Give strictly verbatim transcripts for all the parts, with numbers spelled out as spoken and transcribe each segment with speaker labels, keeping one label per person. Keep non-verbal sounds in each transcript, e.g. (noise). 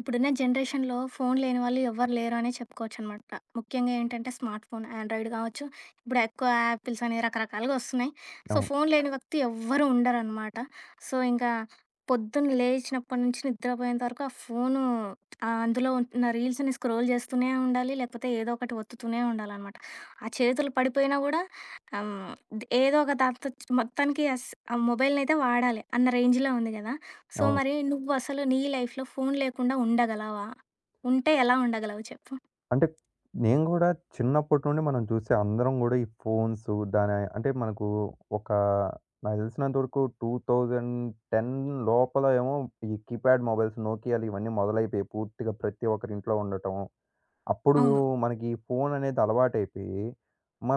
Speaker 1: ఇప్పుడున్న జనరేషన్‌లో ఫోను లేని వాళ్ళు ఎవరు లేరనే చెప్పుకోవచ్చు అనమాట. ముఖ్యంగా ఏంటంటే స్మార్ట్ ఫోను ఆండ్రాయిడ్ గావచ్చు ఇప్పుడు ఎక్కువ 'యాపిల్స్' అనేవి రకరకాలుగా ఒస్తున్నాయి. సో,
Speaker 2: అవును.
Speaker 1: ఫోను లేని వ్యక్తి ఎవ్వరు ఉండరనమాట. సో, ఇంకా పొద్దున లేచినప్పటి నుంచి నిద్రపోయేంత వరకు ఆ ఫోను ఆహ్, అందులో ఉన్న రీల్స్‌‌ని స్క్రోల్ జేస్తూనే ఉండాలి. లేపోతే ఏదో ఒకటి ఒత్తుతూనే ఉండాలనమాట. ఆ చేతులు పడిపోయినా గూడా ఆహ్, హ్మ్. ఏదోక దాంతో మొత్తానికి అస్స ఆ మొబైల్ అయితే వాడాలి. అన్న రేంజ్‌లో ఉంది గదా! సో,
Speaker 2: అవును.
Speaker 1: మరి నువ్వు అసలు నీ లైఫ్‌లో ఫోను లేకుండా ఉండగలవా? ఉంటే ఎలా ఉండగలవు చెప్పు?
Speaker 2: అంటే నేను గూడా చిన్నప్పటి నుండి మనం చూసే అందరం గూడా ఈ ఫోన్స్ దాని, అంటే మనకు ఒకా నాకు తెలిసినంతవరకు టూ థౌసండ్ టెన్ లోపల ఏమో ఈ కీప్యాడ్ మొబైల్స్ నోకియాలు ఇవన్నీ మొదలైపోయాయి. పూర్తిగా ప్రతి ఒక్కరి ఇంట్లో ఉండటం. అప్పుడు‌లో
Speaker 1: అవును.
Speaker 2: మనకి ఈ ఫోను అనేది అలవాటయిపోయి,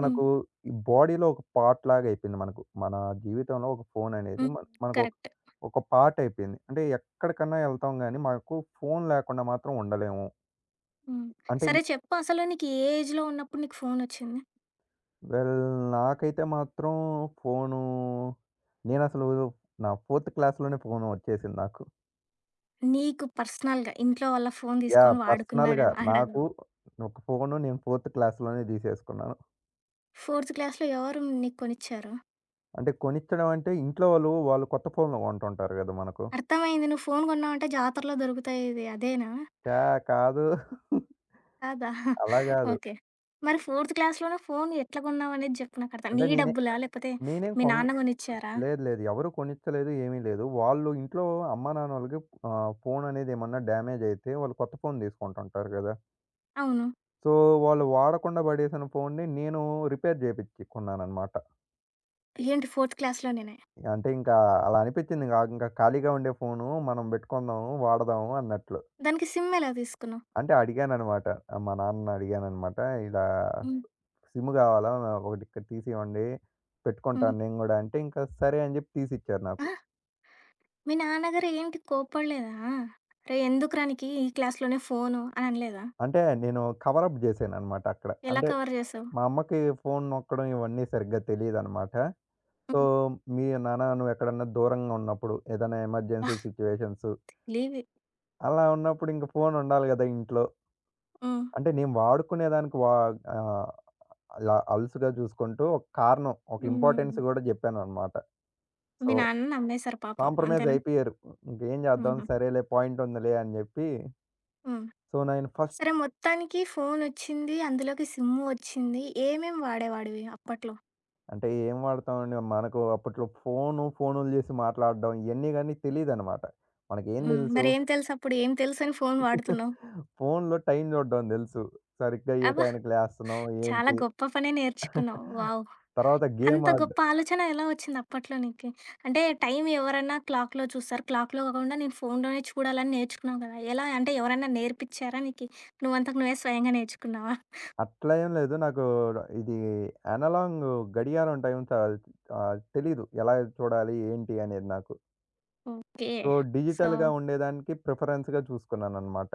Speaker 1: హ్మ్.
Speaker 2: ఈ బోడీలో ఒక పార్ట్‌లాగా అయిపోయింది మనకు. మన జీవితంలో ఒక ఫోననేది
Speaker 1: హ్మ్.
Speaker 2: మన మనకొక
Speaker 1: కరెక్ట్.
Speaker 2: ఒక పార్ట్ అయిపోయింది. అంటే ఎక్కడికన్నా వెళ్తాం గానీ మాకు ఫోను లేకుండా మాత్రం ఉండలేము.
Speaker 1: హ్మ్.
Speaker 2: అంటే ఈ
Speaker 1: సరే చెప్పు అసలు నీకు ఏ ఏజ్‌లో ఉన్నప్పుడు నీకు ఫోను ఒచ్చింది?
Speaker 2: వెల్! నాకైతే మాత్రం ఫోనూ నేనసలు నా ఫోర్త్ క్లాస్‌లోనే ఫోను ఒచ్చేసింది నాకు.
Speaker 1: నీకు పర్సనల్‌గా ఇంట్లో వాళ్ళ ఫోన్
Speaker 2: యాహ్!
Speaker 1: దీసుకొని
Speaker 2: పర్సనల్‌గా
Speaker 1: వాడుకున్నాడేమో అగడం.
Speaker 2: నాకు ఫోను నేను ఫోర్త్ క్లాస్‌లోనే దిసేసుకున్నాను.
Speaker 1: ఫోర్త్ క్లాస్‌లో ఎవరు నీకు కొనిచ్చారు?
Speaker 2: అంటే కొనిచ్చడం అంటే ఇంట్లో వాళ్ళు, వాళ్ళు కొత్త ఫోనులు కొంటుంటారు గదా! మనకు.
Speaker 1: అర్తమైంది నువ్వు ఫోన్ గొన్నావంటే జాతరలో దొరుకుతాయి ఇది అదేనా?
Speaker 2: ఛా! కాదు. (giggles)
Speaker 1: కాదా? (giggles)
Speaker 2: అలా గాదు.
Speaker 1: ఓకే. మరి ఫోర్త్ క్లాస్‌లోనే ఫోన్ ఎట్లా గొన్నావనేది జేప్పు నాకు అర్థం
Speaker 2: అంటే
Speaker 1: నీ
Speaker 2: నేనే,
Speaker 1: డబ్బులా లేపోతే
Speaker 2: నేనేం
Speaker 1: మీ
Speaker 2: కొన్
Speaker 1: నాన్న గొనిచ్చారా?
Speaker 2: లేదు లేదు. ఎవరు కొనిచ్చలేదు ఏమీ లేదు. వాళ్ళు ఇంట్లో అమ్మానాన్నలకి ఆహ్, ఫోననేది ఏమన్నా డ్యామేజ్ అయితే వాళ్ళు కొత్త ఫోన్ తీసుకుంటుంటారు గదా!
Speaker 1: అవును.
Speaker 2: సో వాళ్ళు వాడకుండా బడేసిన ఫోన్‌ని నేను రిపేర్ జేపించికొన్నానన్నమాట.
Speaker 1: ఏంటి? ఫోర్త్ క్లాస్‌లోనేనే.
Speaker 2: అంటే ఇంకా అలా అలా అనిపించింది గాగింకా ఖాళీగా ఉండే ఫోను మనం బెట్టుకుందాము వాడదాం అన్నట్లు.
Speaker 1: దానికి సిమ్ ఎలా తీసుకున్నావు?
Speaker 2: అంటే అడిగానన్నమాట. ఆహ్, మా నాన్నని అడిగానన్నమాట ఇలా
Speaker 1: హ్మ్.
Speaker 2: సిమ్ గావాలా నాకోకటి ఇక్కడ తీసి ఇవ్వండి
Speaker 1: హ్మ్.
Speaker 2: పెట్టుకుంటాను నేను గూడా అంటే ఇంక సరే అని జేప్పి తీసి ఇచ్చారు
Speaker 1: ఆ?
Speaker 2: నాకు.
Speaker 1: మీ నాన్నగారేంటి కోప్పడలేదా? రేయ్! ఎందుకురా నీకి ఈ క్లాస్‌లోనే ఫోను అననలేదా?
Speaker 2: అంటే నేను కవర్ అప్ జేశానన్నమాట అక్కడ.
Speaker 1: ఎలా
Speaker 2: అంటే
Speaker 1: కవర్ జేసావు?
Speaker 2: మా అమ్మకి ఫోన్ నొక్కడం ఇవన్నీ సరిగ్గా తెలియదన్నమాట. సో
Speaker 1: హ్మ్.
Speaker 2: మీ నాన్న నువ్వు ఎక్కడైనా దూరంగా ఉన్నప్పుడు ఏదైనా ఎమర్జెన్సీ సిచ్యుయేషన్స్
Speaker 1: (chuckles) తేలీవీ
Speaker 2: అలా ఉన్నప్పుడు ఇంగ ఫోన్ ఉండాలి గదా! ఇంట్లో.
Speaker 1: హ్మ్.
Speaker 2: అంటే నేను వాడుకునే దానికి వా ఆహ్, అల అలుసుగా జుసుకుంటూ ఒక కారణం ఒక ఇంపార్‌టెన్స్
Speaker 1: హ్మ్.
Speaker 2: గూడా జేప్పానన్నమాట.
Speaker 1: మీ
Speaker 2: సో
Speaker 1: నాన్న నమ్మేసారు పాపం.
Speaker 2: కాంప్రమైజ్
Speaker 1: అంతేనా?
Speaker 2: అయిపోయారు. ఇంకేం చేద్దాం
Speaker 1: హుహు.
Speaker 2: సరేలే పాయింట్ ఉందిలే అని జేప్పి
Speaker 1: హ్మ్.
Speaker 2: సో నైను ఫస్ట్
Speaker 1: సరే మొత్తానికి ఫోన్ ఒచ్చింది. అందులోకి సిమ్ వచ్చింది. ఏమేం వాడేవాడివి అప్పట్లో?
Speaker 2: అంటే ఏం వాడతామండి? మనకు అప్పట్లో ఫోను, ఫోనులు జేసి మాట్లాడడం ఇయన్నీ గానీ తెలీదనమాట. మనకేం
Speaker 1: హ్మ్.
Speaker 2: దెలుసు?
Speaker 1: మరేమి తెలుసప్పుడు? ఏం తెలుసని ఫోను
Speaker 2: (chuckles)
Speaker 1: వాడుతున్నావు?
Speaker 2: ఫోనులో టైం చూడ్డం దెలుసు. సరిగ్గా ఏ
Speaker 1: అబ్బా!
Speaker 2: టైయానికి లేస్తన్నాం
Speaker 1: చాలా
Speaker 2: ఏంటి?
Speaker 1: గొప్ప పనే నేర్చుకున్నావు.
Speaker 2: (giggles)
Speaker 1: వావ్!
Speaker 2: తర్వాత
Speaker 1: అంత
Speaker 2: గేమాడ్
Speaker 1: గొప్ప ఆలోచన ఎలా ఒచ్చిందప్పట్లో నీకు? అంటే టైం ఎవరన్నా క్లాక్‌లో చూస్తారు. క్లాక్‌లో గాకుండా నేను ఫోనులోనే చూడాలని నేర్చుకున్నావు గదా! ఎలా అంటే ఎవరైనా నేర్పిచ్చారా నీకి? నువ్వంతట నువ్వే స్వయంగా నేర్చుకున్నావా?
Speaker 2: అట్లా ఏం లేదు. నాకూ ఇదీ యనలాంగ్ గడియారం టైం కా ఆహ్, తెలీదు. ఎలా చూడాలి ఏంటి అనేది నాకు.
Speaker 1: ఓకే.
Speaker 2: సో
Speaker 1: సో
Speaker 2: డిజిటల్‌గా ఉండేదానికి ప్రిఫరెన్స్‌గా చూసుకున్నాననమాట.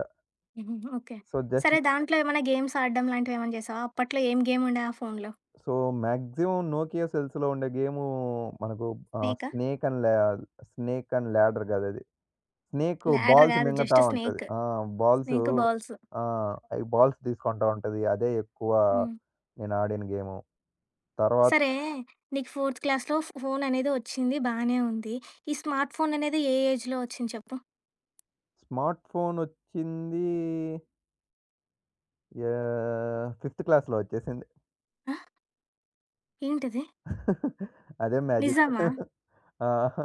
Speaker 1: హుహు. ఓకే.
Speaker 2: సో,
Speaker 1: సరే
Speaker 2: జస్టీ
Speaker 1: దాంట్లో ఏమైనా గేమ్స్ ఆడడంలాంటివేమైనా చేసావా? అప్పట్లో ఏం గేముండే ఆ ఫోనులో?
Speaker 2: సో, మాక్సిమం నోకియా సెల్స్‌లో ఉండే గేమూ మనకు ఆహ్,
Speaker 1: స్నేకా?
Speaker 2: స్నేక్ అండ్ లా స్నేక్ అండ్ ల్యాడర్ గాదది. స్నేకు
Speaker 1: ల్యాడర్
Speaker 2: బాల్స్
Speaker 1: గాదు.
Speaker 2: మింగతా
Speaker 1: జస్ట్
Speaker 2: ఉంటది.
Speaker 1: స్నేక్.
Speaker 2: ఆ! Balls
Speaker 1: snake, balls.
Speaker 2: ఆ! అయి బాల్స్ దీసుకుంటా ఉంటది. అదే ఎక్కువా
Speaker 1: హ్మ్.
Speaker 2: నేనాడిన గేము. తర్వా
Speaker 1: సరే నీకు ఫోర్త్ క్లాస్‌లో ఫో ఫోననేది వచ్చింది బానే ఉంది. ఈ స్మార్ట్ ఫోననేది ఏ ఏజ్‌లో ఒచ్చింది చెప్పు.
Speaker 2: స్మార్ట్ ఫోన్ ఒచ్చింది! యాహ్! ఫిఫ్త్ క్లాస్‌లో ఒచ్చేసింది.
Speaker 1: ఆ? ఏంటీది?
Speaker 2: (chuckles) అదే మ్యాజిక్.
Speaker 1: నిజమా?
Speaker 2: (chuckles) ఆహా!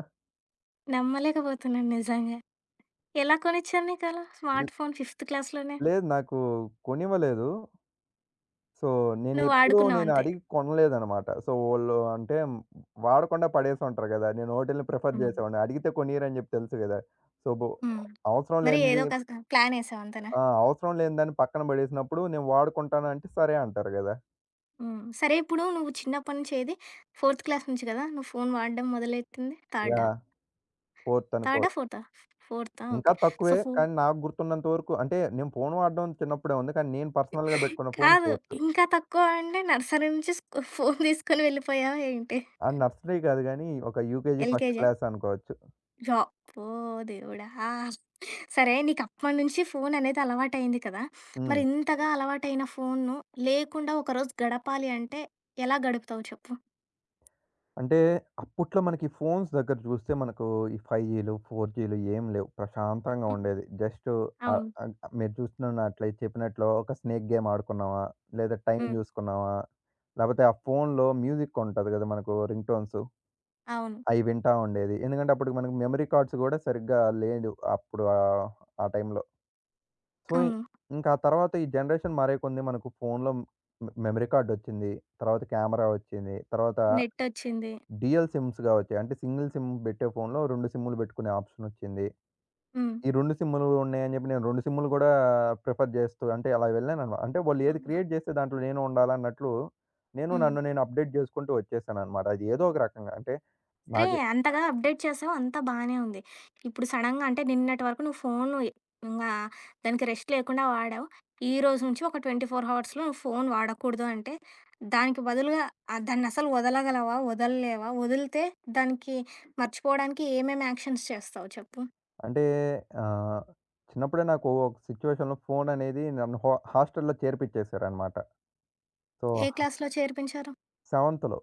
Speaker 1: నమ్మలేకపోతున్నాను నిజంగా! ఎలా కొనిచ్చారు నీకలా స్మార్ట్ ఫోన్ ఫిఫ్త్ క్లాస్‌లోనే?
Speaker 2: లేదు నాకు కొనివ్వలేదు. సో నేనెప్పుడూ
Speaker 1: నువ్వాడుకున్నావాంతే.
Speaker 2: నేనడిగి కొనలేదనమాట. సో వోళ్ళు అంటే వాడకుండా పడేసుంటారు గదా! నేను ఒటిల్ని ప్రిఫర్
Speaker 1: హ్మ్.
Speaker 2: జేసేవాడిని. అడిగితే కొనీయరని జెప్పి తెలుసు గదా! సో బొ
Speaker 1: హ్మ్.
Speaker 2: అవసరం
Speaker 1: మరి
Speaker 2: లేనిది
Speaker 1: ఏదోక స ప్లానేసావు అంతేనా?
Speaker 2: ఆ! అవసరం లేని దాన్ని పక్కన బడేసినప్పుడు నేను వాడుకుంటానంటే, సరే అంటారు గదా!
Speaker 1: హ్మ్. సరే ఇప్పుడు నువ్వు చిన్నప్పటి నుంచి ఏది ఫోర్త్ క్లాస్ నుంచి గదా నువ్వు ఫోన్ వాడడం మొదలైతింది థర్డా?
Speaker 2: యాహ్! ఫోర్త్ అనుకో.
Speaker 1: థర్డా, ఫోర్థా? ఫోర్థా!
Speaker 2: ఇంకా
Speaker 1: ఓకే. సో
Speaker 2: తక్కువే
Speaker 1: ఫో
Speaker 2: కానీ నాకు గుర్తున్నంత వరకు అంటే నేను ఫోను వాడడం చిన్నప్పుడే ఉంది. కానీ, నేను పర్సనల్‌గా
Speaker 1: (giggles)
Speaker 2: పెట్టుకున్న ఫోన్
Speaker 1: కాదు
Speaker 2: ఫోర్తు.
Speaker 1: ఇంకా తక్కువ అంటే నర్సరీ నుంచి సు ఫోను (giggles) తీసుకొని వెళ్ళిపోయావా ఏంటి?
Speaker 2: ఆహ్, నర్సరీ గాదు కానీ, ఒక యూకేజీ, ఫస్ట్
Speaker 1: ఎల్‌కేజియా?
Speaker 2: క్లాస్ అనుకోవచ్చు.
Speaker 1: జ ప్పో! దేవుడా! ఆహ్, సరే నీకు అప్పటినుంచి ఫోను అనేది అలవాటయింది కదా! మరి
Speaker 2: హ్మ్.
Speaker 1: ఇంతగా అలవాటైన ఫో‌‌నును లేకుండా ఒకరోజు గడపాలి అంటే ఎలా గడుపుతావు చెప్పు?
Speaker 2: అంటే అప్పట్లో మనకి ఈ ఫోన్స్ దగ్గర జూస్తే మనకు ఈ ఫైవ్ జీలు ఫోర్ జీలు ఏమి లేవు. ప్రశాంతంగా
Speaker 1: హ్మ్.
Speaker 2: ఉండేది. జస్ట్ అ
Speaker 1: అవును.
Speaker 2: ఆహ్ మీరు జూస్తున్నట్లే చెప్పినట్లు ఒక స్నేక్ గేమ్ ఆడుకున్నామా! లేదా టైం
Speaker 1: హ్మ్.
Speaker 2: జూసుకున్నామా! లేపోతే ఆ ఫోనులో మ్యూజిక్ ఉంటది గదా మనకు రింగ్ టోన్స్,
Speaker 1: అవును.
Speaker 2: అయి వింటా ఉండేది. ఎందుకంటే అప్పటికి మనకు మెమరీ కార్డ్స్ గూడా సరిగ్గా లేదు. అప్పుడు ఆహ్, ఆ టైంలో. సో ఇ
Speaker 1: అవును.
Speaker 2: ఇంకా ఆ తర్వాత ఈ జనరేషన్ మారే కొన్ని మనకు ఫోనులో హ్మ్, మె మెమరీ కార్డ్ ఒచ్చింది, తరువాత కెమెరా ఒచ్చింది, తరువాత
Speaker 1: నెట్టోచ్చింది.
Speaker 2: డ్యుయల్ సిమ్స్‌గా ఒచ్చాయి. అంటే సింగిల్ సిమ్ బెట్టే ఫోన్‌లో రెండు సిమ్ములు బెట్టుకునే ఆప్‌షనొచ్చింది.
Speaker 1: హ్మ్.
Speaker 2: ఈ రెండు సిమ్ములు ఉన్నాయని చెప్పి నేను రెండు సిమ్ములు గూడా ప్రిఫర్ జేస్తూ, అంటే అలా వెళ్ళాననువా అంటే వాళ్ళేది
Speaker 1: అబ్బా!
Speaker 2: క్రియేట్ జేస్తే దాంట్లో నేను ఉండాలన్నట్లు, నేను
Speaker 1: హ్మ్.
Speaker 2: నన్ను నేను అప్‌డేట్ జేసుకుంటూ ఒచ్చేసాననమాట. అది ఏదో ఒక రకంగా. అంటే
Speaker 1: అరే!
Speaker 2: నాకి
Speaker 1: అంతగా అప్‌డేట్ చేసావు అంతా బానే ఉంది. ఇప్పుడు సడెన్‌గా అంటే నిన్నటి వరకు నువ్వు ఫోను ఇ ఇంగా దానికి రెస్ట్ లేకుండా వాడావు. ఈరోజు నుంచి ఒక ట్వంటీ ఫోర్ హావర్స్‌లో నువ్వు ఫోను వాడకూడదు అంటే దానికి బదులుగా ఆహ్, దాన్నసలు ఒదలగలవా? ఒదలలేవా? ఒదిలితే దానికి మర్చిపోవడానికి ఏమేమి యాక్షన్స్ చేస్తావు చెప్పు?
Speaker 2: అంటే ఆహ్, చిన్నప్పుడే నాకు ఒక సిచ్యుయేషన్‌లో ఫోననేది నన్ను హ హస్టల్‌లో చేర్పించేసారన్నమాట. సో
Speaker 1: ఏ
Speaker 2: ఆ
Speaker 1: క్లాస్‌లో చేర్పించారు?
Speaker 2: సెవెంత్‌లో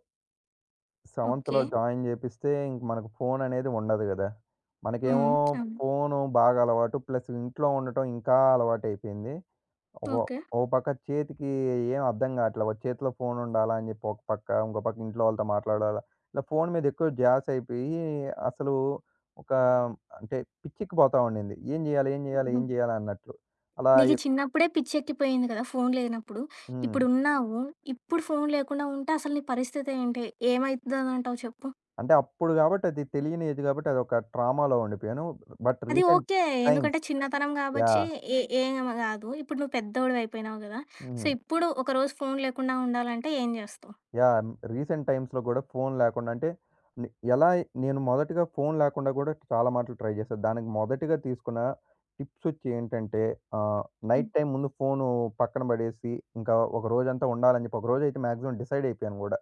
Speaker 2: సెవెంత్‌లో
Speaker 1: ఓకే.
Speaker 2: జాయిన్ జేపిస్తే ఇంక మనకి ఫోన్ అనేది ఉండదు గదా!
Speaker 1: హ్మ్.
Speaker 2: మనకేమో
Speaker 1: (smacks lips) అవును.
Speaker 2: ఫోను బాగా అలవాటు ప్లస్ ఇంట్లో ఉండటం ఇంకా అలవాటయిపోయింది. ఒక
Speaker 1: ఓకే.
Speaker 2: ఓ పక్క చేతికి ఏం అర్థం గాట్లే. ఒక చేతిలో ఫోన్ ఉండాలాని జేప్పి ఒక పక్క. ఇంకో పక్క ఇంట్లో వాళ్ళతో మాట్లాడాలా. ఇలా ఫోన్ మీద ఎక్కువ ద్యసయిపోయి అసలు ఒక అంటే పిచ్చేక్కిపోతావుండింది. ఏం జేయాలి? ఏం జేయాలి? ఏం
Speaker 1: హుహు.
Speaker 2: జేయాల? అన్నట్లు అలా
Speaker 1: నీకీ
Speaker 2: ఎక్
Speaker 1: చిన్నప్పుడే పిచ్చెక్కిపోయింది గదా! ఫోన్ లేనప్పుడు.
Speaker 2: హ్మ్.
Speaker 1: ఇప్పుడు ఉన్నావు ఇప్పుడు ఫోన్ లేకుండా ఉంటే అసలు నీ పరిస్థితి ఏంటి? ఏమైదంటావు చెప్పు.
Speaker 2: అంటే అప్పుడు గాబట్టి అది తెలియని ఏజ్ గాబట్టి అది ఒక ట్రామ‌లో ఉండిపోయాను. బట్
Speaker 1: అది
Speaker 2: రీసెంట్
Speaker 1: ఓకే.
Speaker 2: టైమ్స్
Speaker 1: ఎందుకంటే చిన్నతనం కాబచ్చి
Speaker 2: యాహ్!
Speaker 1: ఏ ఏం గాదు ఇప్పుడు నువ్వు పెద్దోడివి అయిపోయినావు గదా! సో
Speaker 2: హ్మ్.
Speaker 1: ఇప్పుడు ఒకరోజు ఫోన్ లేకుండా ఉండాలంటే ఏం జేస్తావు?
Speaker 2: యాహ్! రీసెంట్ టైమ్స్‌లో గూడా ఫోన్ లేకుండా అంటే నె ఎలా నేను మొదటిగా ఫోన్ లేకుండా గూడా చాలా మాట్లు ట్రై జేశా. దానికి మొదటిగా తీసుకున్న టిప్స్ ఒచ్చి ఏంటంటే ఆహ్,
Speaker 1: హ్మ్.
Speaker 2: నైట్ టైమ్ ముందు ఫోను పక్కన బడేసి ఇంకా ఒక రోజంతా ఉండాలని జేప్పి ఒకరోజు అయితే మాక్సిమం డిసైడ్ అయిపోయాను గూడా.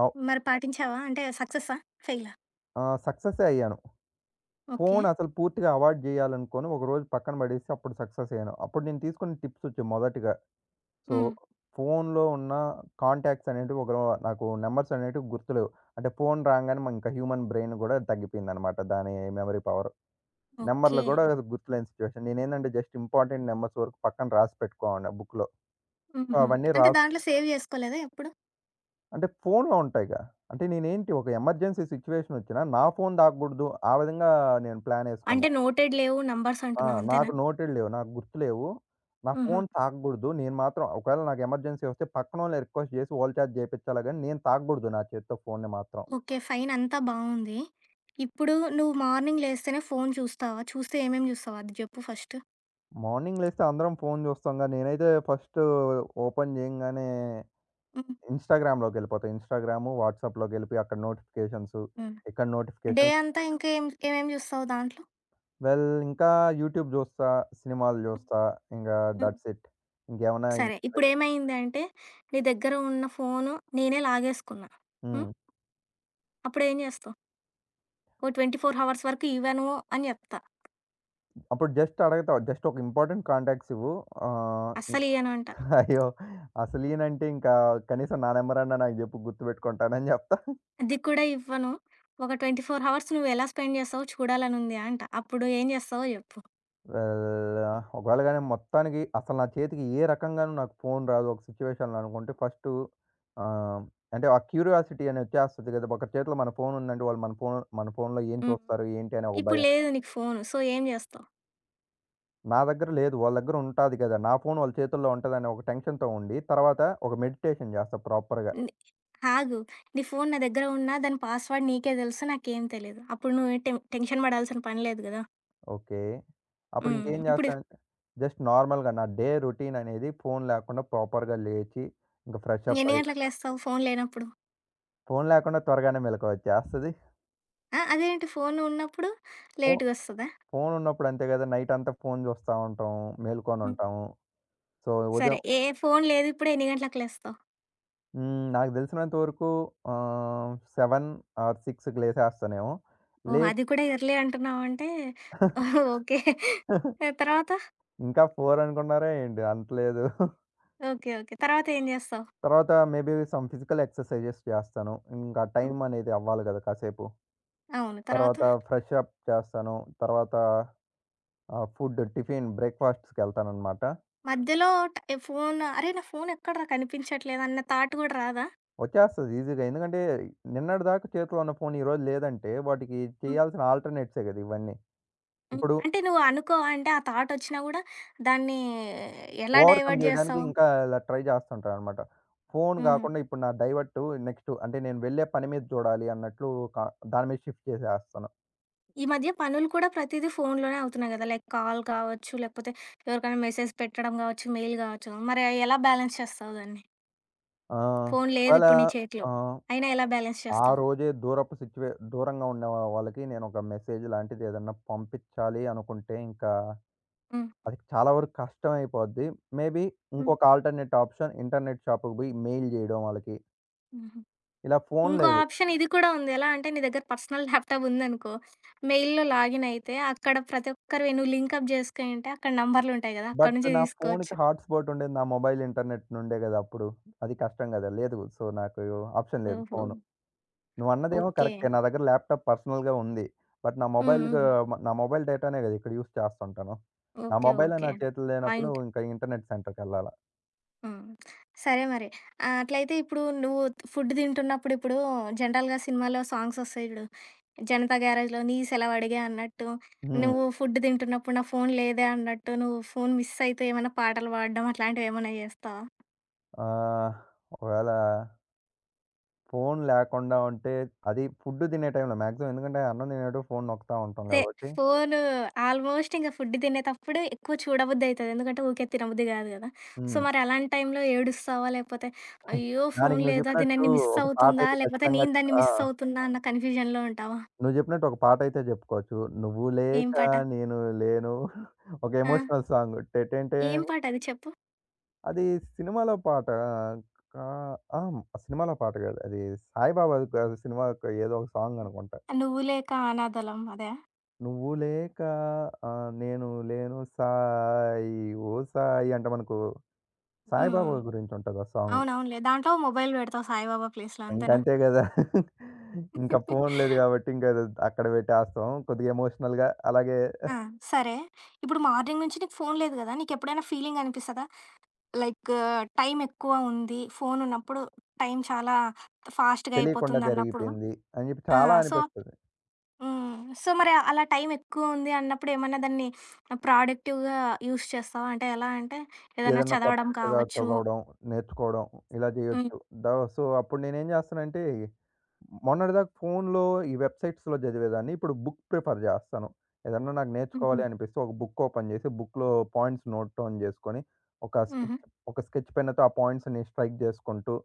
Speaker 2: అవు
Speaker 1: మరి పాటించావా? అంటే సక్సెసా? ఫెయిలా?
Speaker 2: ఆహ్, సక్సెసే అయ్యాను.
Speaker 1: ఓకే.
Speaker 2: ఫోనసలు పూర్తిగా అవాయిడ్ జేయాలనుకుని, ఒకరోజు పక్కన బడేసి అప్పుడు సక్సెస్ అయ్యాను. అప్పుడు నేను తీసుకున్న టిప్స్ ఒచ్చి మొదటిగా సో
Speaker 1: హ్మ్.
Speaker 2: ఫోన్‌లో ఉన్న కాంటాక్ట్స్ అనేటివి ఒకనో నాకు నంబర్సనేటివి గుర్తులేవు. అంటే ఫోన్ రాంగానే మానింకా హ్యూమన్ బ్రైన్ గూడా దగ్గిపోయిందనమాట దాని మెమరీ పవర్.
Speaker 1: ఓకే.
Speaker 2: నెంబర్‌లు గూడా గుర్తులేని సిచ్యుయేషన్ నేనేందంటే జస్ట్ ఇంపార్టెంట్ నంబర్స్ వరకు పక్కన రాసి పెట్టుకోవడిని బుక్కులో. సో
Speaker 1: హుహు.
Speaker 2: అవన్నీ
Speaker 1: అంటే
Speaker 2: రాస్
Speaker 1: దాంట్లో సేవ్ జేసుకోలేదా ఎప్పుడు?
Speaker 2: అంటే ఫోనులో ఉంటాయిగా. అంటే నేనేంటి ఒక ఎమర్జెన్సీ సిట్యుయేషన్ వచ్చినా నా ఫోను దాకగూడదు. ఆ విధంగా నేను
Speaker 1: అంటే,
Speaker 2: ప్లానేసుకున్నా.
Speaker 1: నోటెడ్ లేవు. నంబర్స్
Speaker 2: ఆ!
Speaker 1: అంటున్నావంతేనా?
Speaker 2: నాకు నోటెడ్ లేవు, నాకు గుర్తు లేవు. నా
Speaker 1: హుహు.
Speaker 2: ఫోను తాగగూడదు. నేను మాత్రం ఒకవేళ నాకు ఎమర్జెన్సీ ఒస్తే, పక్కన వొళ్ళని రిక్వెస్ట్ చేసి, వోళ చేత జేపిచ్చాలే గాని, నేను తాగకూడదు నా చేత్తో ఫోనుని మాత్రం.
Speaker 1: ఓకే. ఫైన్ అంతా బావుంది. ఇప్పుడు నువ్వు మార్నింగ్ లేస్తేనే ఫోను చూస్తావా? చూస్తే ఏమేం చూస్తావొ? అది జెప్పు ఫస్ట్.
Speaker 2: మార్నింగ్ లేస్తే అందరం ఫోను చూస్తాంగా, నేనైతే ఫస్ట్, ఓపెన్ జేయంగానే,
Speaker 1: హ్మ్.
Speaker 2: ఇన్‌స్టాగ్రామ్‌లోకెళ్ళిపోతా. ఇన్‌స్టాగ్రాము, వాట్సాప్‌లోకెళ్లిపోయి. అక్కడ నోటిఫికేషన్స్
Speaker 1: హ్మ్.
Speaker 2: ఇక్కడ
Speaker 1: డే
Speaker 2: నోటిఫికేషన్స్
Speaker 1: అంతా ఇంకేం ఇంకేమేమి చూస్తావు దాంట్లో?
Speaker 2: వెల్ ఇంకా యూట్యూబ్ జూస్తా. సినిమాలు జూస్తా. ఇంగా
Speaker 1: హ్మ్.
Speaker 2: That's it. ఇంకేమున్నాయ
Speaker 1: సరే.
Speaker 2: ఇంటి
Speaker 1: ఇప్పుడు
Speaker 2: దగ్గర
Speaker 1: ఏమైంది అంటే, నీ దగ్గర ఉన్న ఫోను నేనే లాగేసుకున్నా. హ్మ్.
Speaker 2: హ్మ్.
Speaker 1: అప్పుడు ఏం జేస్తావు? ఓ ట్వెంటీ ఫోర్ హవర్స్ వరకు ఇవ్వను, అని జెప్తా.
Speaker 2: అప్పుడు జస్ట్ అడుగుతావు, జస్ట్ ఒక ఇంపార్టెంట్ కాంటాక్ట్స్ ఇవ్వు ఆహ్,
Speaker 1: అస్సలియ్యను అంటా.
Speaker 2: అయ్యో! అసలు ఇయ్యనంటే, ఇంకా కనీసం నా నంబరన్న నాకు జెప్పు గుర్తుబెట్టుకుంటానని జెప్తా.
Speaker 1: అది కూడా ఇవ్వను. ఒక ట్వంటీ ఫోర్ హవర్స్ నువ్వు ఎలా స్పెండ్ చేస్తావో చూడాలనుంది అంట. అప్పుడు ఏం చేస్తావో జెప్పు.
Speaker 2: ఆహ్, ఆహ్, ఒకవేళ గాని మొత్తానికి అసలు నా చేతికి ఏ రకంగాను నాకు ఫోను రాదు. ఒక సిట్యుయేషన్‌లో అనుకుంటే ఫస్టు ఆహ్, అంటే ఆ క్యూరియాసిటీ అనేది ఒచ్చేస్తది గదా! ఒకరి చేతిలో మన ఫోను ఉందంటే వాళ్ళు మన ఫోను మన ఫోనులో ఏం
Speaker 1: హ్మ్.
Speaker 2: చూస్తారు? ఏంటి? అనే ఒక
Speaker 1: ఇప్పుడు
Speaker 2: భయం.
Speaker 1: లేదు నీకు ఫోను సో ఏం జేస్తావు?
Speaker 2: నా దగ్గర లేదు. వాళ్ళ దగ్గర ఉంటాది గదా! నా ఫోను వాళ్ళ చేతుల్లో ఉంటదని ఒక టెన్షన్‌తో ఉండి, తరువాత ఒక మెడిటేషన్ జేస్తా ప్రాపర్‌గా.
Speaker 1: హ్మ్. ఆగు నీ ఫోను నా దగ్గర ఉన్న దాని పాస్‌వర్డ్ నీకే దెలుసు, నాకేం తెలీదు. అప్పుడు నువ్వు టెన్ టెన్షన్ బడాల్సిన పని లేదు గదా!
Speaker 2: ఓకే.
Speaker 1: హుహు.
Speaker 2: అప్పుడింకేం
Speaker 1: ఇప్పుడు
Speaker 2: జేస్తానంటే, జస్ట్ నార్మల్‌గా నా డే రోటీన్ అనేది ఫోను లేకుండా ప్రాపర్‌గా లేచి, ఇంక ఫ్రెష్ అప్
Speaker 1: ఎన్ని
Speaker 2: అయ్యి
Speaker 1: గంటలకు లేస్తావు ఫోను లేనప్పుడు?
Speaker 2: ఫోను లేకుండా త్వరగానే మెలుకువొచ్చేస్తది.
Speaker 1: ఆ! అదేంటి ఫోను ఉన్నప్పుడు
Speaker 2: ఫో
Speaker 1: లేటుగొస్తద?
Speaker 2: ఫోను ఉన్నప్పుడు అంతే గదా! నైటంతా ఫోను జూస్తా ఉంటాం.
Speaker 1: హ్మ్.
Speaker 2: మేల్కొనుంటాము. సో,
Speaker 1: సరే!
Speaker 2: ఉదయం
Speaker 1: ఏ ఫోను లేదు ఇప్పుడే ఎన్ని గంటలకి లేస్తావు?
Speaker 2: హ్మ్. నాకు దెలిసినంత వరకు ఆహ్, సెవెన్ ఆర్ సిక్స్‌కి లేసేస్తానేమో.
Speaker 1: ఓహ్!
Speaker 2: లేచ్
Speaker 1: అది కూడా ఎర్లీ అంటున్నావంటే
Speaker 2: (chuckles)
Speaker 1: ఓకే. ఆహ్, తరువాత?
Speaker 2: ఇంకా ఫోర్ అనుకున్నారా ఏంటి? అంతలేదు. (giggles)
Speaker 1: ఓకే. ఓకే. తరువాత ఏం జేస్తావు?
Speaker 2: తర్వాత maybe some physical exercises చేస్తాను. ఇంకా టైం
Speaker 1: హ్మ్.
Speaker 2: అనేది అవ్వాలి గదా! కాసేపు.
Speaker 1: అవును. తర్వాత?
Speaker 2: తర్వాత ఫ్రెష్ అప్ చేస్తాను. తర్వాత ఆహ్, ఫుడ్ టిఫిన్ బ్రేక్ ఫాస్ట్స్ కెళ్తాననమాట.
Speaker 1: మధ్యలో ట ఈ ఫోను అరె! నా ఫోను ఎక్కడరా? కనిపించట్లేదన్న థాట్ గూడా రాదా?
Speaker 2: ఒచ్చేస్తది ఈసీ‌గా ఎందుకంటే, నిన్నటి దాకా చేతిలో ఉన్న ఫోను ఈరోజు లేదంటే వాటికి
Speaker 1: హ్మ్.
Speaker 2: చేయాల్సిన గదా! ఇవన్నీ.
Speaker 1: హ్మ్.
Speaker 2: ఇప్పుడు
Speaker 1: అంటే నువ్వనుకోవ? అంటే ఆ థాట్ ఒచ్చినా గూడా, దాన్ని ఎలా
Speaker 2: ఓవర్కమ్
Speaker 1: డైవర్ట్
Speaker 2: జేయడానికి
Speaker 1: జేస్తావు?
Speaker 2: ఇంకా ఇలా ట్రై జేస్తుంటానన్నమాట. ఫోను
Speaker 1: హుహు.
Speaker 2: గాకుండా ఇప్పుడు నా డైవర్ట్ నెక్స్ట్ అంటే నేను వెళ్ళే పని మీద జూడాలి అన్నట్లు కా దాని మీద షిఫ్ట్ జేసేస్తాను.
Speaker 1: ఈ మధ్య పనులు కూడా ప్రతీదీ ఫోనులోనే అవుతున్నాయి గదా! లైక్ కాల్ కావచ్చు, లేకపోతే ఎవరికైనా మెసేజ్ పెట్టడం గావచ్చు, మెయిల్ గావచ్చు మరి అయ్యి ఎలా బ్యాలెన్స్ చేస్తావు దాన్ని?
Speaker 2: ఆహ్,
Speaker 1: ఫోను లేదు
Speaker 2: వాళ్ళ
Speaker 1: ఇప్పుడు నీ చేతిలో.
Speaker 2: ఆహ్,
Speaker 1: అయినా ఎలా బాలన్స్
Speaker 2: ఆ
Speaker 1: చేస్తావు?
Speaker 2: రోజే దూరపు సిచ్యువే దూరంగా ఉండే వా వాళ్ళకి నేను ఒక మెసేజ్ లాంటిది ఏద‌న్నా పంపిచ్చాలి అనుకుంటే ఇంకా
Speaker 1: హ్మ్.
Speaker 2: అది చాలా వరకు కష్టమైపోద్ది. మే‌బీ
Speaker 1: హ్మ్.
Speaker 2: ఇంకొక ఆల్టర్‌నేట్ ఆప్షన్ ఇంటర్‌నేట్ షాపుకు బొయి మెయిల్ జేయడం వాళ్ళకి.
Speaker 1: హుహు.
Speaker 2: ఇలా ఫోను
Speaker 1: ఇంకో
Speaker 2: లేదు.
Speaker 1: ఆప్షన్ ఇది కూడా ఉంది. ఎలా అంటే నీ దగ్గర పర్సనల్ ల్యాప్‌టాప్ ఉందనుకో, మెయిల్‌లో లాగిన్ అయితే అక్కడ ప్రతి ఒక్కరివి నువ్వు లింక్ అప్ జేసుకునుంటే అక్కడ నంబర్లుంటాయి గదా! అక్కడి
Speaker 2: బట్
Speaker 1: నుంచే
Speaker 2: నా ఫోనుకి
Speaker 1: తీసుకోవచ్చు.
Speaker 2: హాట్‌స్పాట్ ఉండేది నా మొబైల్ ఇంటర్‌నేట్ నుండే గదా! అప్పుడు అది కష్టం గదా! లేదు, సో, నాకు ఆప్షన్ లేదు
Speaker 1: ఓహో!
Speaker 2: ఫోను. నువ్వు అన్నదేమో
Speaker 1: ఓకే.
Speaker 2: కరెక్టే నా దగ్గర ల్యాప్‌టాప్ పర్సనల్‌గా ఉంది. బట్ నా
Speaker 1: హ్మ్.
Speaker 2: మొబైల్ గు
Speaker 1: హ్మ్.
Speaker 2: మ నా మొబైల్ డేటా‌నే గదా ఇక్కడ యూజ్ చేస్తుంటాను. నా
Speaker 1: ఓకే.
Speaker 2: మొబైలే
Speaker 1: ఓకే.
Speaker 2: నా చేతులు లేనప్పుడు
Speaker 1: పాయింట్.
Speaker 2: ఇంక ఇంటర్‌నేట్ సెంటర్‌కెళ్ళాలా.
Speaker 1: హ్మ్. సరే మరి. ఆహ్, అట్లయితే ఇప్పుడు నువ్వు ఫుడ్డు దింటున్నప్పుడు ఇప్పుడు జనరల్‌గా సినిమాలో సాంగ్సోస్తాయి జూడు, 'జనతా గ్యారేజ్‌'లో నీ సెలవు అడిగే అన్నట్టు
Speaker 2: హ్మ్.
Speaker 1: నువ్వు ఫుడ్డు దింటున్నప్పుడు నా ఫోను లేదే అన్నట్టు నువ్వు ఫోను మిస్సైతూ ఏమన్నా పాటలు బాడడం అట్లాంటివి ఏమన్నా జేస్తావా?
Speaker 2: ఆహ్, ఒకవేళా ఫోను లేకుండా ఉంటే అది ఫుడ్డు తినే టైంలో మాక్సిమం. ఎందుకంటే అన్నం తినేప్పుడు ఫోను నొక్కుతా ఉంటాం
Speaker 1: అంటే,
Speaker 2: కాబట్టి
Speaker 1: ఫోను ఆల్మోస్ట్ ఇంగ ఫుడ్డు తినేతప్పుడు ఎక్కువ చూడబుద్ధయితది. ఎందుకంటే ఊకే తినబుద్ధి గాదు కదా! సో,
Speaker 2: హ్మ్.
Speaker 1: మరి అలాంటి టైంలో ఏడుస్తావా? లేకపోతే అయ్యో!
Speaker 2: (giggles)
Speaker 1: ఫోను
Speaker 2: దానికి నువ్వు
Speaker 1: లేదు అది
Speaker 2: చెప్పినట్టు
Speaker 1: నన్ను మిస్
Speaker 2: ఒక
Speaker 1: అవుతుందా?
Speaker 2: పాటైతే
Speaker 1: లేపోతే
Speaker 2: ఖచ్చితంగా
Speaker 1: నేను
Speaker 2: చ్
Speaker 1: దాన్ని
Speaker 2: ఆ!
Speaker 1: మిస్ అవుతున్నా అన్న కన్‌ఫ్యూజన్‌లో ఉంటావా?
Speaker 2: నువ్వు జెప్పినట్టు ఒక పాటయితే జెప్పుకోవచ్చు. నువ్వు
Speaker 1: ఏం
Speaker 2: లేక
Speaker 1: పాట?
Speaker 2: నేను లేను ఒక
Speaker 1: ఆ!
Speaker 2: ఎమోషనల్ సాంగు 'టె టె
Speaker 1: ఏం
Speaker 2: టెన్.'
Speaker 1: పాటది చెప్పు?
Speaker 2: అది సినిమాలో పాట కా ఆహ్, సినిమాలో పాట కాదది సాయిబాబాది కాదు. సినిమాకో ఏదో ఒక సాంగనుకుంటా.
Speaker 1: నువ్వు లేక అనాధలం అదా?
Speaker 2: నువ్వు లేకా 'ఆహ్, నేను లేను' సాయి ఓ సాయి. అంటే మనకు
Speaker 1: హుహు.
Speaker 2: సాయిబాబా గురించుంటది ఆ సాంగు.
Speaker 1: అవునవునులే దాంట్లో మొబైల్ పెడతావు సాయిబాబా ప్లేస్‌లో అంతేనా?
Speaker 2: ఇంకంతే గదా! (chuckles) ఇంకా
Speaker 1: (chuckles)
Speaker 2: ఫోను లేదు కాబట్టి ఇంకదద్ అక్కడ పెట్టేస్తాం కొద్దిగా ఎమోషనల్‌గా అలాగే
Speaker 1: ఆ! సరే. ఇప్పుడు మార్నింగ్ నుంచి నీకు ఫోను లేదు కదా! నీకెప్పుడైనా ఫీలింగనిపిస్తదా? లైకు టైమెక్కువ ఉంది ఫోనున్నప్పుడు టైం చాలా ఫాస్ట్‌గా
Speaker 2: తెలియకుండా
Speaker 1: అయిపోతుందన్నప్పుడు
Speaker 2: జరిగిపోయింది అని చెప్పి
Speaker 1: ఆ!
Speaker 2: చాలా
Speaker 1: సో
Speaker 2: అనిపిస్తది.
Speaker 1: హ్మ్. సో, మరి అలా టైమెక్కువ ఉంది అన్నప్పుడేమన్నా దాన్ని ప్రొడక్టివ్‌గా యూజ్ చేస్తావా? అంటే ఎలా అంటే ఏదైనా
Speaker 2: ఏద్దన్నా
Speaker 1: చదవడం
Speaker 2: కొత్తగా
Speaker 1: కావచ్చు
Speaker 2: చదవడం నేర్చుకోవడం ఇలా
Speaker 1: హ్మ్.
Speaker 2: చేయొచ్చు. ద సో అప్పుడు నేనేం జేస్తానంటే మొన్నటి దాకా ఫోనులో ఈ వెబ్‌సైట్స్‌లో చదివేదాన్ని ఇప్పుడు బుక్ ప్రిఫర్ జేస్తాను. ఏదన్నా నాకు
Speaker 1: హుహు.
Speaker 2: నేర్చుకోవాలి అనిపిస్తే ఒక బుక్ ఓపెన్ చేసి బుక్‌లో పాయింట్స్ నోట్ డౌన్ చేసుకొని ఒక స్కెచ్
Speaker 1: హుహు.
Speaker 2: ఒక స్కెచ్ పెన్నతో ఆ పాయింట్స్‌ని స్ట్రైక్ జేసుకుంటూ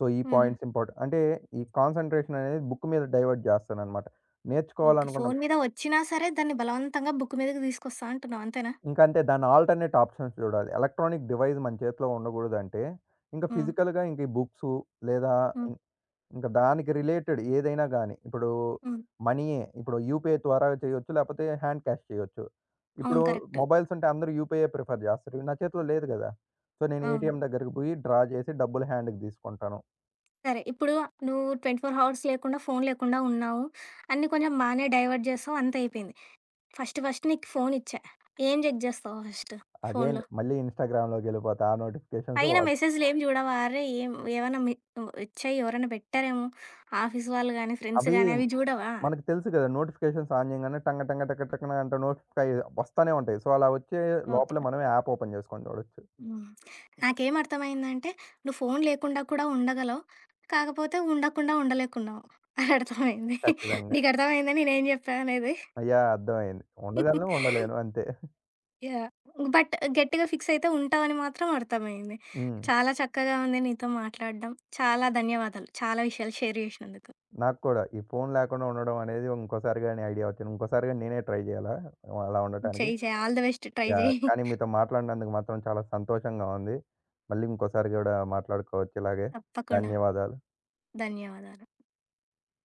Speaker 2: సో ఈ
Speaker 1: హుహు.
Speaker 2: పాయింట్స్ ఇంపార్ట్ అంటే ఈ కాన్సంట్రేషననేది బుక్ మీద డైవర్ట్ జేస్తాననమాట.
Speaker 1: ఓకే.
Speaker 2: నేర్చుకోవాలనుకున్నపు
Speaker 1: ఫోను మీదకొచ్చినా సరే దాన్ని బలవంతంగా బుక్ మీదకి దీసుకొస్తా అంటున్నావు అంతేనా?
Speaker 2: ఇంకంతే దాన్ని ఆల్టర్‌నేట్ ఆప్షన్స్ జూడాలి. ఎలక్ట్రానిక్ డివైస్ మన చేతిలో ఉండగూడదంటే ఇంక
Speaker 1: హ్మ్.
Speaker 2: ఫిజికల్‌గా ఇంక ఈ బుక్సు లేదా
Speaker 1: హ్మ్.
Speaker 2: ఇంక్ ఇంక దానికి రిలేటెడ్ ఏదైనా గాని ఇప్పుడు
Speaker 1: హ్మ్.
Speaker 2: మనీయే ఇప్పుడు యూపీఐ ద్వారా చేయొచ్చు. లేపోతే హాండ్ క్యాష్ చేయొచ్చు.
Speaker 1: అవును.
Speaker 2: ఇప్పుడు
Speaker 1: కరెక్టు.
Speaker 2: మొబైల్స్ ఉంటే అందరూ యూపీఐ ప్రిఫర్ జేస్తారు. నా చేతిలో లేదు గదా! సో నేను
Speaker 1: అవును.
Speaker 2: ఏటీఎం దగ్గరకి పోయి డ్రా జేసి డబ్బులు హాండ్‌కి దీసుకుంటాను.
Speaker 1: సరే. ఇప్పుడు నువ్వు ట్వెంటీ ఫోర్ హవర్స్ లేకుండా ఫోను లేకుండా ఉన్నావు. అన్నీ కొంచెం బానే డైవర్ట్ జేశావు అంత అయిపోయింది. ఫస్ట్ ఫస్ట్ నీకు ఫోను ఇచ్చా, ఏం జెక్ జేస్తావు ఫస్ట్
Speaker 2: అగైన్
Speaker 1: ఫోన్‌లో?
Speaker 2: మళ్ళీ ఇన్‌స్టాగ్రామ్‌లోకెళ్ళిపోతా ఆ నోటిఫికేషన్సు
Speaker 1: పైన
Speaker 2: వ
Speaker 1: మెసేజు‌లేం జూడవారె! ఏం ఏవన్నా మి ఇవ్ ఒచ్చాయి ఎవరన్నా బెట్టారేమో ఆఫీసు వాళ్ళు గానీ, ఫ్రెండ్స్
Speaker 2: అవి
Speaker 1: గాని, అవి జూడవా?
Speaker 2: మనకి తెలుసు గదా! నోటిఫికేషన్స్ ఆన్ జేయంగానే'టంగ్ టంగ్ టక్ టక్‌నా అంటూ నోటిఫై వస్తానే ఉంటాయి. సో, అలా ఒచ్చే
Speaker 1: ఓకే.
Speaker 2: లోపలే మనమే యాప్ ఓపెన్ జేసుకొని జూడొచ్చు.
Speaker 1: హ్మ్. నాకేం అర్థమైందంటే నువు ఫోను లేకుండా కూడా ఉండగలవు. కాకపోతే ఉండకుండా ఉండలేకున్నావు అర్థమైంది.
Speaker 2: ఖచ్చితంగా!
Speaker 1: నీగర్థమైందా నేనేం జెప్పా అనేది?
Speaker 2: యాహ్! అర్థమైంది. ఉండగలను,
Speaker 1: (chuckles)
Speaker 2: ఉండలేను, అంతే. (chuckles)
Speaker 1: యాహ్! బట్ గట్టిగా ఫిక్సయితే ఉంటావని మాత్రం అర్థమయింది.
Speaker 2: హ్మ్.
Speaker 1: చాలా చక్కగా ఉంది నీతో మాట్లాడ్డం. చాలా ధన్యవాదాలు చాలా విషయాలు షేర్ జేసినందుకు.
Speaker 2: నాక్కూడా ఈ ఫోను లేకుండా ఉండడం అనేది ఇంకోసారి గాని ఐడియా ఒచ్చింది. ఇంకోసారి గాని నేనే ట్రై జేయాలా అలా ఉండటానికి.
Speaker 1: చెయి చెయి. All the best. Try
Speaker 2: yeah!
Speaker 1: జెయి.
Speaker 2: కానీ
Speaker 1: (chuckles)
Speaker 2: మీతో మాట్లాడినందుకు మాత్రం చాలా సంతోషంగా ఉంది. మళ్ళీ ఇంకోసారి గూడా మాట్లాడుకోవచ్చు ఇలాగే.
Speaker 1: తప్పకుండా.
Speaker 2: ధన్యవాదాలు.
Speaker 1: ధన్యవాదాలు.